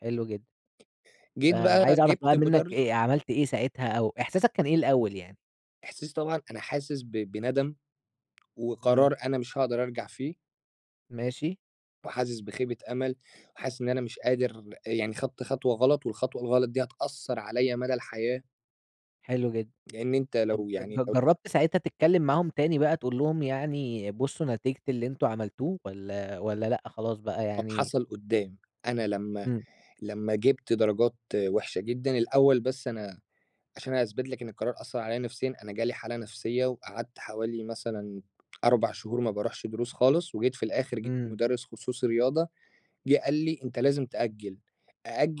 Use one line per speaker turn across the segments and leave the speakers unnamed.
حلو جدًا.
جيت بقى،
فعايز أعرف بقى
جِبت
منك
مدرس
أ عملت إيه ساعتها أو إحساسك كان إيه الأول يعني؟
إحساسي طبعًا أنا حاسس ب بندم
إمم.
وقرار أنا مش هاقدر أرجع فيه
ماشي.
وحاسس بخيبة أمل، وحاسس إن أنا مش قادر يعني خدت خطوة غلط والخطوة الغلط دي هتأثَّر عليَّ مدى الحياة.
حلو جدًا.
لأن أنت
طب
لو يعني
ج
لو
جرَّبت ساعتها تتكلم معاهم تاني بقى تقول لهم يعني بصّوا نتيجة اللي أنتم عملتوه؟ والّا والّا لأ خلاص بقى
طب
يعني
حصل قُدّام أنا لمّا
إمم.
لمّا جِبت درجات وحشة جدًا، الأول بس أنا عشان هاثبت لك إن القرار أثَّر عليه نفسيًا، أنا جالي حالة نفسية وقعدت حوالي مثلًا 4 شهور ما باروحش دروس خالص، وجيت في الآخر جِبت
إمم.
مدرس خصوصي رياضة، جِه قال لي: "أنت لازم تأجل،"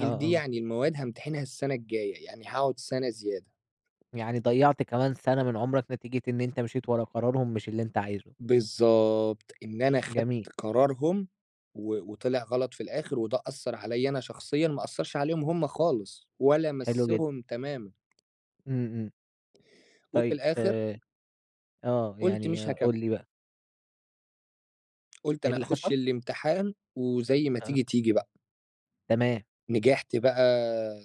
آه،
دي
آه.
يعني المواد هامتحنها السنة الجاية، يعني هاقعد سنة زيادة.
يعني ضيَّعت كمان سنة من عمرك نتيجة إن أنت مشيت ورا قرارهم مش اللي أنت عايزه.
بالضبط. إن أنا خدت
جميل.
قرارهم و وطلع غلط في الآخر وده أثَّر عليَّ أنا شخصيًا ما أثَّرش عليهم هُم خالص، ولا
حلو جدًا.
مسّهم تمامًا.
إمم، إمم.
وفي
طيب
الآخر
آآ آه
قُلت مش
يعني
هاكم
قُل لي بقى.
قُلت
إيه
أنا
اللي
هاخش
حصل؟
الامتحان وزي ما
آه.
تيجي تيجي بقى.
تمام.
نجحت بقى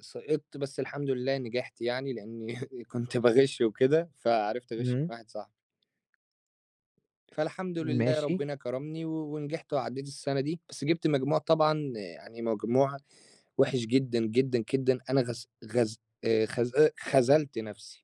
سقطت، بس الحمد لله نجحت يعني لأني كنت باغش وكده، فعرفت أغش من
إمم.
واحد صاحبي. فالحمد لله
ماشي.
ربنا كرمني و ونجحت وعديت السنة دي بس جِبت مجموع طبعًا يعني مجموع وِحِش جدًا، جدًا، جدًا، أنا غز غز آآ خذ آآ خذلت نفسي.